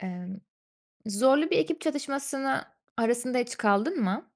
Emm, zorlu bir ekip çatışmasına arasında hiç kaldın mı?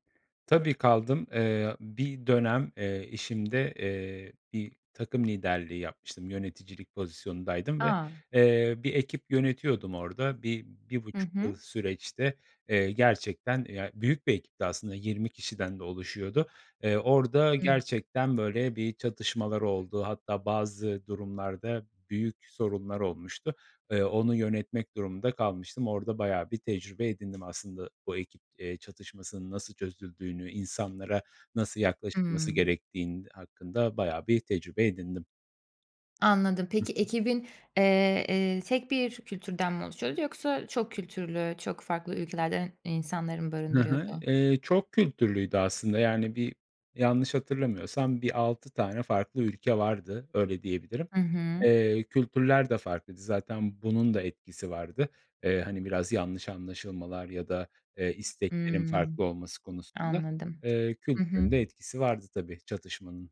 Tabii, kaldım. Eee, bir dönem, eee, işimde, eee, bir takım liderliği yapmıştım, yöneticilik pozisyonundaydım ve, A! eee, bir ekip yönetiyordum orada. Bi bir Hı buçuk yıl hı. süreçte, eee, gerçekten ya, büyük bir ekipti aslında, 20 kişiden de oluşuyordu. Iıı, orada Hıh. gerçekten böyle bir çatışmalar oldu hatta bazı durumlarda büyük sorunlar olmuştu. Iıı, onu yönetmek durumunda kalmıştım. Orada bayağı bir tecrübe edindim aslında, bu ekip, eee, çatışmasının nasıl çözüldüğünü, insanlara nasıl yaklaşılması Hımm. gerektiğin hakkında bayağı bir tecrübe edindim. Anladım. Hı Peki hı. ekibin, eee, ııı, tek bir kültürden mi oluşuyordu yoksa çok kültürlü, çok farklı ülkelerden insanları mı Hı hı. barındırıyordu? Eee, çok kültürlüydü aslında. Yani, bir yanlış hatırlamıyorsam bir 6 tane farklı ülke vardı, öyle diyebilirim. Hı hı. Eee, kültürler de farklıydı. Zaten bunun da etkisi vardı. Eee, hani, biraz yanlış anlaşılmalar ya da, eee, isteklerin farklı Hımm, olması konusunda, anladım. eee, Hı kültürün hı. de etkisi vardı tabii çatışmanın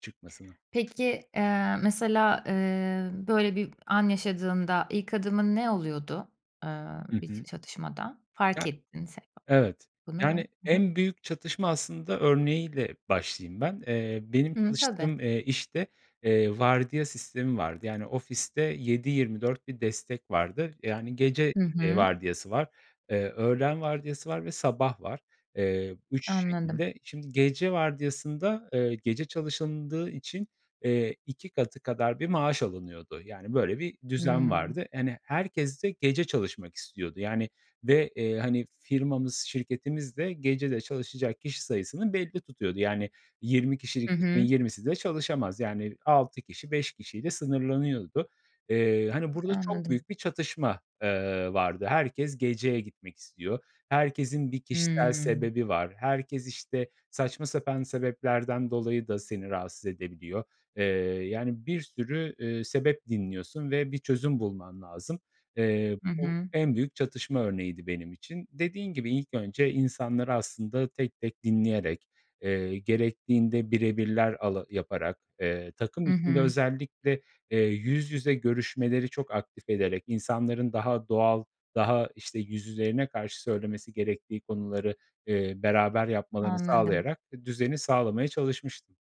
çıkmasına. Peki, aaa, mesela, ııı, böyle bir an yaşadığında ilk adımın ne oluyordu, ııı, Hı hı. bit çatışmada? Fark Ya, ettinse evet. bunu ve Yani, hı hı. en büyük çatışma aslında örneği ile başlayayım ben. Eee, benim Hı, tabii. çalıştığım, eee, işte, eee, vardiya sistemi vardı. Yani, ofiste 7-24 bir destek vardı. Yani, gece, Hı eee, hı. vardiyası var, eee, öğlen vardiyası var ve sabah var. Eee, 3 Anladım. şekilde. Şimdi gece vardiyasında, eee, gece çalışıldığı için, eee, 2 katı kadar bir maaş alınıyordu. Yani, böyle bir düzen Hımm. vardı. Hani, herkes de gece çalışmak istiyordu. Yani ve, eee, hani, firmamız, şirketimiz de gecede çalışacak kişi sayısını belli tutuyordu. Yani, 20 kişilik Hı ekibin hı. 20'si de çalışamaz. Yani, 6 kişi, 5 kişiyle sınırlanıyordu. Eee, hani, burada çok eAnladım. büyük bir çatışma, eee, vardı. Herkes geceye gitmek istiyor. Herkesin bir kişisel Hımm. sebebi var. Herkes, işte, saçma sapan sebeplerden dolayı da seni rahatsız edebiliyor. Eee, yani, bir sürü, eee, sebep dinliyorsun ve bir çözüm bulman lazım. Eee, Hı bu hı. en büyük çatışma örneğiydi benim için. Dediğin gibi, ilk önce insanları aslında tek tek dinleyerek, eee, gerektiğinde bire birler ala yaparak, ııı, takım Hı içinde hı. özellikle, eee, yüz yüze görüşmeleri çok aktif ederek insanların daha doğal, daha işte yüzlerine karşı söylemesi gerektiği konuları, eee, beraber yapmalarını Anladım. sağlayarak d düzeni sağlamaya çalışmıştım.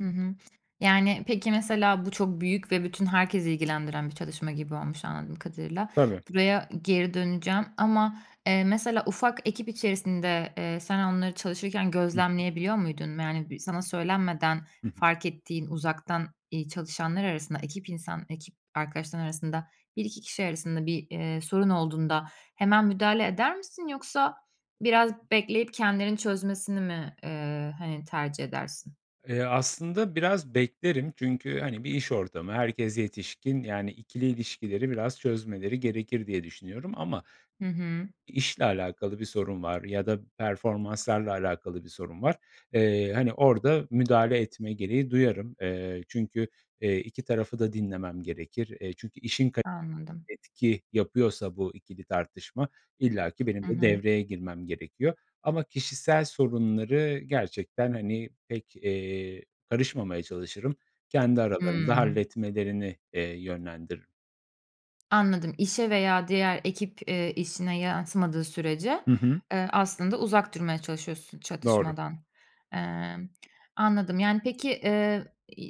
Hı hı. Yani, peki, mesela bu çok büyük ve bütün herkesi ilgilendiren bir çalışma gibi olmuş anladığım kadarıyla. Tabii. Buraya geri döneceğim ama, eee, mesela ufak ekip içerisinde, eee, sen onları çalışırken Hı hı. gözlemleyebiliyor muydun? Yani, sana söylenmeden Hı hı. fark ettiğin, uzaktan, iii, çalışanlar arasında, ekip insan ekip arkadaşların arasında 1-2 kişi arasında bir, eee, sorun olduğunda hemen müdahale eder misin yoksa biraz bekleyip kendilerinin çözmesini mi, eee, hani, tercih edersin? Eee, aslında biraz beklerim çünkü, hani, bir iş ortamı, herkes yetişkin, yani, ikili ilişkileri biraz çözmeleri gerekir diye düşünüyorum. Ama Hı hı. i işle alakalı bir sorun var ya da performanslarla alakalı bir sorun var, eee, hani orada müdahale etme gereği duyarım. Eee, çünkü, eee, iki tarafı da dinlemem gerekir. E, çünkü işin kali Anladım. etki yapıyorsa bu ikili tartışma, illa ki benim Hı de hı. devreye girmem gerekiyor ama kişisel sorunları gerçekten, hani, pek, eee, karışmamaya çalışırım. Kendi aralarında Hıı. halletmelerini, eee, yönlendiririm. Anladım. İşe veya diğer ekip, eee, işine yansımadığı sürece, Hı hı. eee, aslında, uzak durmaya çalışıyorsun Doğru. çatışmadan. Emm, anladım, yani, peki, eee,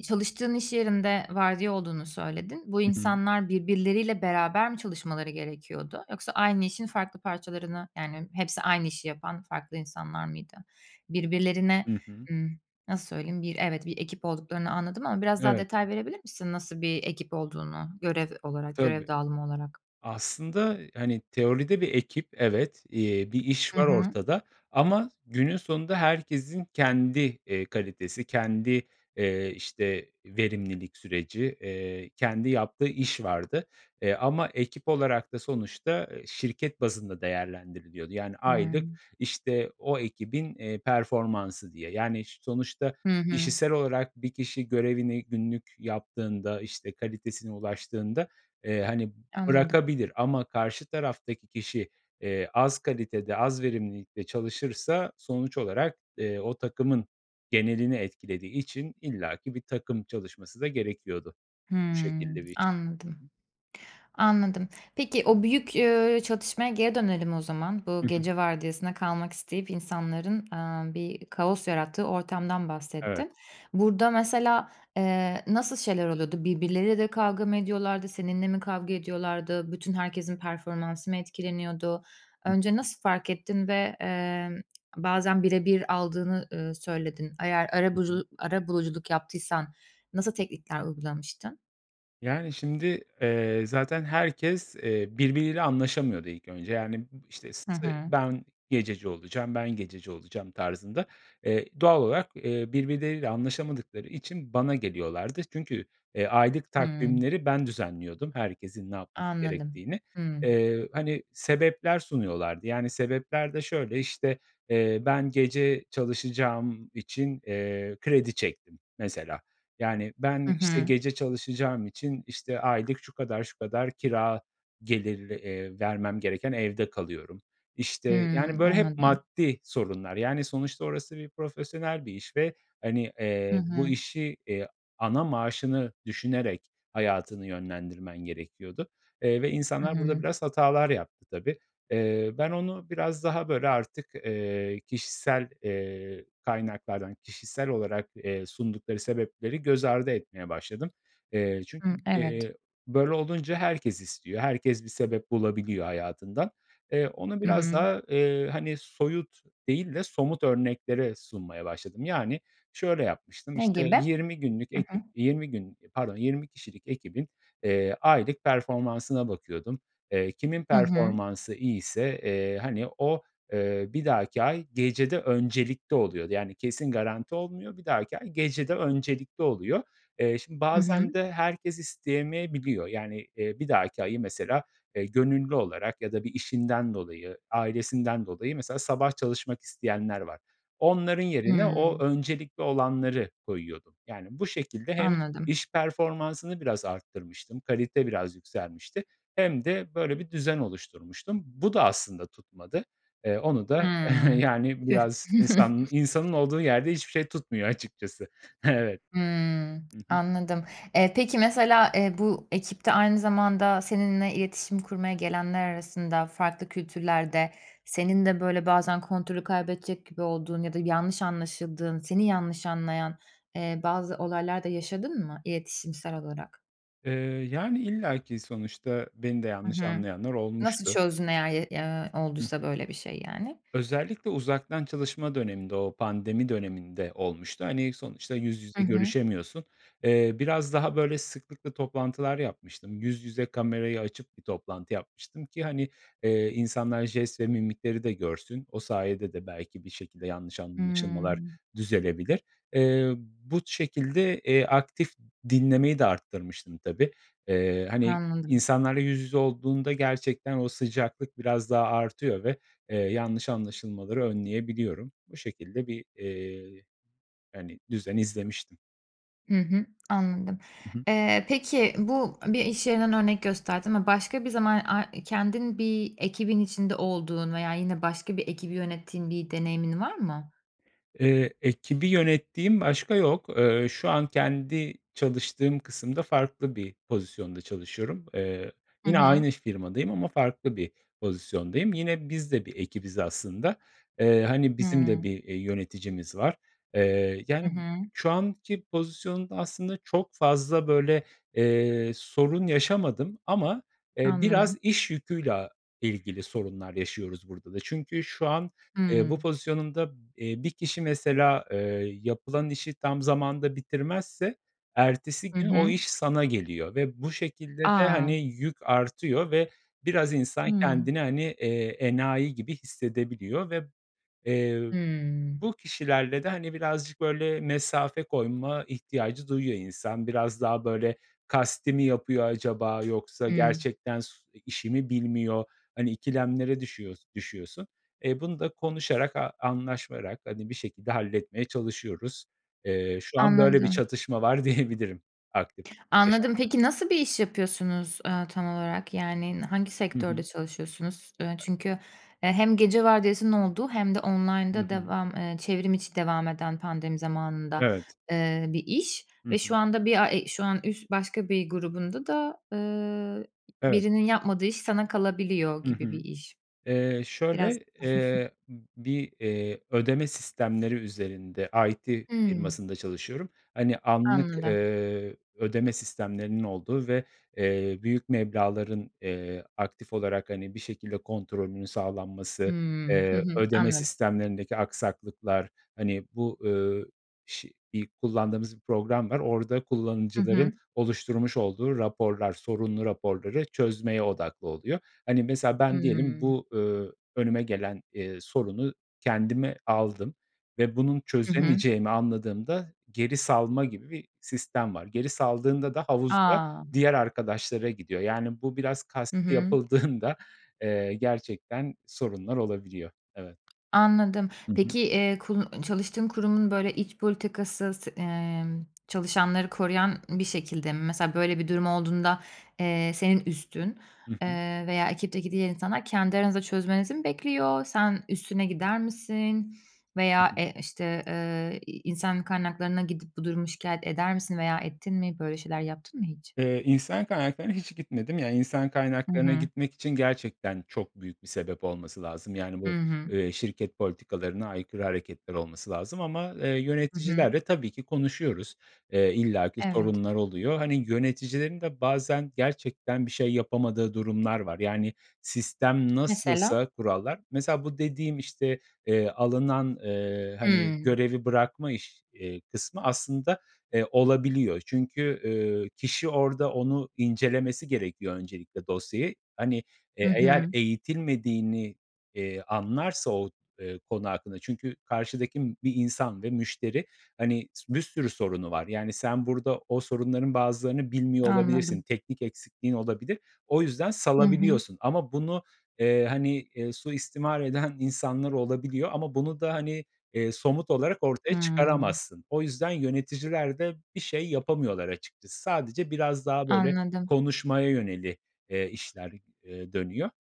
çalıştığın iş yerinde vardiya olduğunu söyledin. Bu Hı hı. insanlar birbirleriyle beraber mi çalışmaları gerekiyordu yoksa aynı işin farklı parçalarını, yani, hepsi aynı işi yapan farklı insanlar mıydı? Birbirlerine, Hı hı. ımm, nasıl söyleyeyim, bir, evet, bir ekip olduklarını anladım ama biraz daha Evet. detay verebilir misin nasıl bir ekip olduğunu, görev olarak, görev Tabii. dağılımı olarak? Aslında, hani, teoride bir ekip evet, eee, bir iş Hı var hı. ortada ama günün sonunda herkesin kendi, eee, kalitesi, kendi, eee, işte, verimlilik süreci, eee, kendi yaptığı iş vardı, eee, ama ekip olarak da sonuçta şirket bazında değerlendiriliyordu. Yani, aylık, Hımm. işte, o ekibin, eee, performansı diye. Yani, ş sonuçta Hı hı. kişisel olarak bir kişi görevini günlük yaptığında, işte, kalitesine ulaştığında, eee, hani, Anladım. bırakabilir ama karşı taraftaki kişi, eee, az kalitede, az verimlilikte çalışırsa sonuç olarak, eee, o takımın genelini etkilediği için illaki bir takım çalışması da gerekiyordu. Bu Hımm. şekilde bir işti. Hı Anladım, hı. anladım. Peki, o büyük, eee, çatışmaya geri dönelim o zaman, bu Hı hı. gece vardiyasına kalmak isteyip insanların, eee, bir kaos yarattığı ortamdan Evet. bahsettin. Burada mesela, eee, nasıl şeyler oluyordu? Birbirleriyle de kavga mı ediyorlardı, seninle mi kavga ediyorlardı, bütün herkesin performansı mı etkileniyordu? Hı Önce hı. nasıl fark ettin ve, eee, bazen bire bir aldığını, ııı, söyledin? Eğer Hı hı. arabulucu arabuluculuk yaptıysan nasıl teknikler uygulamıştın? Yani, şimdi, eee, zaten herkes, eee, birbiriyle anlaşamıyordu ilk önce. Yani, bı işte, işte, Hı sı hı. "Ben gececi olacağım, ben gececi olacağım," tarzında. Eee, doğal olarak, eee, birbirleriyle anlaşamadıkları için bana geliyorlardı. Çünkü, eee, aylık Hımm. takvimleri ben düzenliyordum eherkesin ne yapması Anladım, gerektiğini. hımm. Eee, hani, sebepler sunuyorlardı. Yani, sebepler de şöyle, işte, eee, "Ben gece çalışacağım için, eee, kredi çektim," mesela. Yani, Hı ben, işte, hı. gece çalışacağım için, işte, aylık şu kadar şu kadar kira gelirli, eee, vermem gereken evde kalıyorum. İşte, yani, Hımm, böyle hep anladım. maddi sorunlar. Yani, sonuçta orası profesyonel bir iş ve, hani, Hı eee, bu hı. işi, eee, ana maaşını düşünerek hayatını yönlendirmen gerekiyordu, eee, ve Hı insanlar burada hı. biraz hatalar yaptı tabii. Eee, ben onu biraz daha böyle artık, eee, kişisel, eee, kaynaklardan, kişisel olarak, eee, sundukları sebepleri göz ardı etmeye başladım. Eee, çünkü, Hıı, evet. eee, böyle olunca herkes istiyor. Herkes bir sebep bulabiliyor hayatından. Eee, onu Hı biraz hı. daha, eee, hani, soyut değil de somut örneklere sunmaya başladım. Yani, şöyle yapmıştım, Ne işte, gibi? 20 günlük Hı hı. ekip, 20 gün pardon, 20 kişilik ekibin, eee, aylık performansına bakıyordum. Eee, kimin Hı hı. performansı iyiyse, eee, hani, o, eee, bir dahaki ay gecede öncelikli oluyordu. Yani, kesin garanti olmuyor. Bir dahaki ay gecede öncelikli oluyor. Eee, şimdi Hı bazen hı. de herkes isteyemeyebiliyor. Yani, eee, bir dahaki ayı mesela, eee, gönüllü olarak ya da bir işinden dolayı, ailesinden dolayı mesela sabah çalışmak isteyenler var. Onların yerine o Hımm. öncelikli olanları koyuyordum. Yani, bu şekilde hem Anladım. iş performansını biraz arttırmıştım, kalite biraz yükselmişti hem de böyle bir düzen oluşturmuştum. Bu da aslında tutmadı. Eee, onu da, Hımm. yani, Tüh. biraz insan insanın olduğu yerde hiçbir şey tutmuyor açıkçası. Evet. Hımm, Hı hı. anladım. Eee, peki mesela, eee, bu ekipte aynı zamanda seninle iletişim kurmaya gelenler arasında, farklı kültürlerde senin de böyle bazen kontrolü kaybedecek gibi olduğun ya da yanlış anlaşıldığın, seni yanlış anlayan, eee, bazı olaylar da yaşadın mı iletişimsel olarak? Eee, yani, illaki sonuçta beni de Hı yanlış hı. anlayanlar Nasıl olmuştu. çözdün eğer ye ya, Hı olduysa hı. böyle bir şey, yani? Özellikle uzaktan çalışma döneminde, o pandemi döneminde olmuştu. Hani, sonuçta yüz I yüze hı. görüşemiyorsun, eee, biraz daha böyle sıklıkla toplantılar yapmıştım. Yüz yüze kamerayı açıp bir toplantı yapmıştım ki, hani, eee, insanlar jest ve mimikleri de görsün. O sayede de belki bir şekilde yanlış anlaşılmalar Hımm. düzelebilir. Eee, bu şekilde, eee, aktif dinlemeyi de arttırmıştım tabii. Eee, hani, Anladım. insanlarla yüz yüze olduğunda gerçekten o sıcaklık biraz daha artıyor ve, eee, yanlış anlaşılmaları önleyebiliyorum. Bu şekilde bir, eee, hani, düzen izlemiştim. Hı hı, anladım. Hı hı. Eee, peki bu a bir iş yerinden örnek gösterdin ama başka bir zaman ay i kendin bir ekibin içinde olduğun veya yine başka bir ekibi yönettiğin bir deneyimin var mı? Eee, ekibi yönettiğim başka yok. Eee, şu an kendi çalıştığım kısımda farklı bir pozisyonda çalışıyorum. Eee, Hı yine hı. aynı firmadayım ama farklı bir pozisyondayım. Yine biz de bir ekibiz aslında. Eee, hani, bizim de Hımm. bir, eee, yöneticimiz var, eee, Hı yani, hı. şu anki pozisyonda aslında çok fazla, böyle, eee, sorun yaşamadım. Ama, eee, Anladım. biraz iş yüküyle a ilgili sorunlar yaşıyoruz burada da. Çünkü şu an eee bu Hımm. pozisyonunda, eee, bir kişi mesela, eee, yapılan işi tam zamanında bitirmezse ertesi Hı gün o hı. iş sana geliyor ve bu şekilde de, A! hani, yük artıyor ve biraz insan Hımm. kendini, hani, eee, enayi gibi hissedebiliyor ve, eee, ö Hımm. bu kişilerle de, hani, birazcık, böyle, mesafe koyma ihtiyacı duyuyor insan. Biraz daha, böyle, kasti mi yapıyor acaba yoksa Hımm. gerçekten s i işi mi bilmiyor? Hani, ikilemlere düşüyors düşüyorsun. E, bunu da konuşarak a anlaşarak hadi bir şekilde halletmeye çalışıyoruz. Eee, şu an böyle bir Anladım. çatışma var diyebilirim aktif Anladım, yaşamda. peki nasıl bir iş yapıyorsunuz, eee, tam olarak? Yani, n hangi Hı sektörde hı. çalışıyorsunuz? Iıı, çünkü e, hem gece vardiyasının olduğu hem de Hı online'da hı. devam eee, çevrim içi devam eden pandemi zamanında, Evet. eee, bir iş Hı ve şu hı. anda bir a e şu an üs başka bir grubunda da, eee, ı Evet. birinin yapmadığı iş sana kalabiliyor Hı gibi bir hı. iş. Eee, Biraz şöyle, eee, bir, eee, ödeme sistemleri üzerinde IT Hımm. firmasında çalışıyorum. Hani, anlık, Anladım. eee, ödeme sistemlerinin olduğu ve, eee, büyük meblağların, eee, aktif olarak, hani, bir şekilde kontrolünün sağlanması, Hımm. Hı eee, hı. ödeme Anladım. sistemlerindeki aksaklıklar, hani, bu, ööö, şi i kullandığımız bir program var. Orada Hı hı. kullanıcıların oluşturmuş olduğu raporlar, sorunlu raporları çözmeye odaklı oluyor. Hani, mesela ben diyelim Hımm. bu, ööö, önüme gelen, eee, sorunu kendime aldım ve bunun Hı hı. çözemeyeceğimi anladığımda geri salma gibi bir sistem var. Geri saldığında da havuzda A! diğer arkadaşlara gidiyor, yani, bu biraz Hı kasti hı. yapıldığında eee, gerçekten sorunlar olabiliyor. Evet. Anladım. Hı hı. Peki, eee, kunu ı çalıştığın kurumun, böyle, iç politikası se emm, çalışanları koruyan bir şekilde mi? Mesela böyle bir durum olduğunda, eee, senin üstün, I hı. eee, veya ekipteki diğer insanlar kendi aranızda çözmenizi mi bekliyor? Sen üstüne gider misin veya, eee, [unintelligible] işte, eee, i insan kaynaklarına gidip bu durumu şikâyet eder misin veya ettin mi, böyle şeyler yaptın mı hiç? Eee, insan kaynaklarına hiç gitmedim. Yani, insan Hı kaynaklarına hı. gitmek için gerçekten çok büyük bir sebep olması lazım yani I bu, hı. eee, şirket politikalarına aykırı hareketler olması lazım ama, eee, Hı hı. yöneticilerle tabii ki konuşuyoruz. Eee, illaki Evet. sorunlar oluyor. Hani, yöneticilerin de bazen gerçekten bir şey yapamadığı durumlar var. Yani, sistem Mesela? nasılsa kurallar Mesela bu dediğim, işte, eee, alınan, eee, hani, Hımm. görevi bırakma iş eee, kısmı aslında, eee, olabiliyor çünkü, eee, kişi orada onu incelemesi gerekiyor öncelikle dosyayı. Hani, Hı eee, eğer hı. eğitilmediğini, eee, anlarsa o, eee, konu hakkında Çünkü karşıdaki bir insan ve müşteri, hani, s bir sürü sorunu var, yani, sen burada o sorunların bazılarını bilmiyor olabilirsin, Anladım. teknik eksikliğin olabilir. O yüzden Hı hı. salabiliyorsun. Ama bunu, eee, hani, eee, suistimal eden insanlar olabiliyor ama bunu da, hani, eee, somut olarak ortaya Hımm. çıkaramazsın. O yüzden yöneticiler de bir şey yapamıyorlar açıkçası. Sadece biraz daha böyle Anladım. konuşmaya yönelik, eee, işler, eee, dönüyor.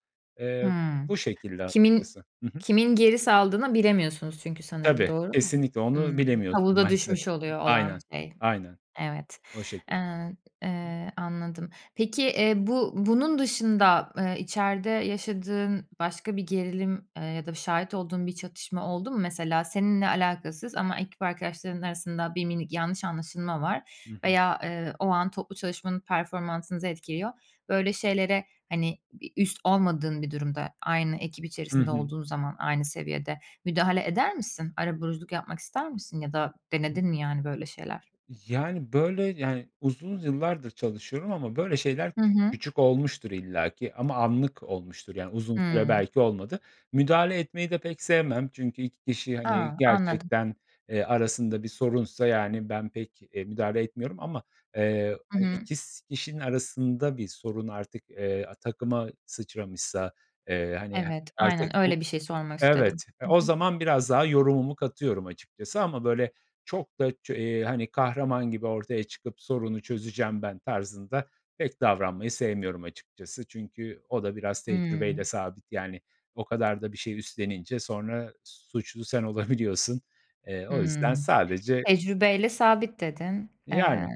Eee, Hımm, bu şekilde kimin açıkçası. Hı hı. kimin geri saldığını bilemiyorsunuz çünkü sanırım Tabii, doğru mu? kesinlikle. Onu Hımm, bilemiyorsun havuza maalesef. düşmüş oluyor olan Aynen, şey. aynen Evet, o şekilde. eee, ın eee, anladım. Peki, eee, bu bunun dışında, eee, içeride yaşadığın başka bir gerilim, eee, ya da şahit olduğun bir çatışma oldu mu? Mesela seninle alakasız ama ekip arkadaşların arasında bir minik yanlış anlaşılma var Hı hı. veya, eee, o an toplu çalışmanın performansınızı etkiliyor. Böyle şeylere, hani, bir üst olmadığın bir durumda, aynı ekip I içerisinde hı. olduğun zaman aynı seviyede müdahale eder misin? Arabuluculuk yapmak ister misin ya da denedin mi, yani, böyle şeyler? Yani, böyle, yani, uzun yıllardır çalışıyorum ama böyle şeyler Hı küçük hı. küçük olmuştur illaki ama anlık olmuştur, yani, uzun süre Hımm. belki olmadı. Müdahale etmeyi de pek sevmem. Çünkü 2 kişi, hani, A! Anladım. gerçekten, eee, arasında bir sorunsa, yani, ben pek, eee, müdahale etmiyorum. Ama, eee, Hı hani, hı. 2 s kişinin arasında bir sorun artık, eee, a takıma sıçramışsa, eee, hani, he Evet. artık Aynen bu öyle bir şey sormak istedim. Evet. E, Hı o hı. zaman biraz daha yorumumu katıyorum açıkçası ama, böyle, çok da ço eee, hani, kahraman gibi ortaya çıkıp sorunu çözeceğim ben tarzında pek davranmayı sevmiyorum açıkçası. Çünkü o da biraz tecrübeyle Hımm. sabit, yani, o kadar da bir şey üstlenince sonra suçlu sen olabiliyorsun. Eee, o yüzden Hımm. sadece Tecrübe ile sabit, dedin. Eee, Yani.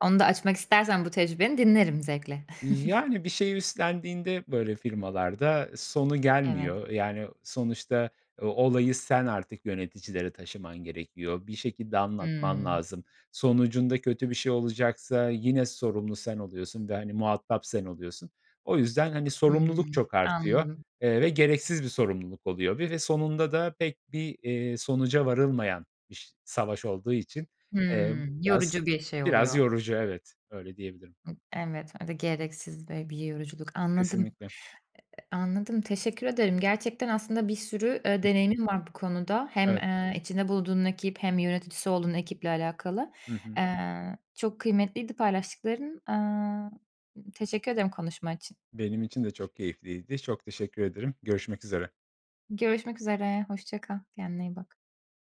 onu da açmak istersen bu tecrübeni dinlerim zevkle. Yani, bir şey üstlendiğinde böyle firmalarda e, sonu Evet. gelmiyor. Eee, yani, o sonuçta e olayı sen artık yöneticilere taşıman gerekiyor, bir şekilde anlatman Hımm. lazım. Sonucunda kötü bir şey olacaksa yine sorumlu sen oluyorsun ve, hani, muhatap sen oluyorsun. O yüzden, hani, sorumluluk Hımm. çok artıyor, Anladım. eee, ve gereksiz bir sorumluluk oluyor ve ve sonunda da pek bir, eee, sonuca varılmayan biş savaş olduğu için, emm, Hımm, biraz yorucu bir şey Biraz oluyor. yorucu, evet. Öyle diyebilirim. Evet, öyle gereksiz ve bir yoruculuk. Anladım. Kesinlikle. E e anladım, teşekkür ederim. Gerçekten aslında bir sürü, eee, Hı hı. deneyimin var bu konuda. Hem, Evet. eee, içinde bulduğun ekip hem yöneticisi olduğun ekiple alakalı. Hı hı. Eee, aaa, çok kıymetliydi paylaştıkların, aaa, teşekkür ederim konuşma için. Benim için de çok keyifliydi. Çok teşekkür ederim. Görüşmek üzere. Görüşmek üzere. Hoşça kal. Kendine iyi bak.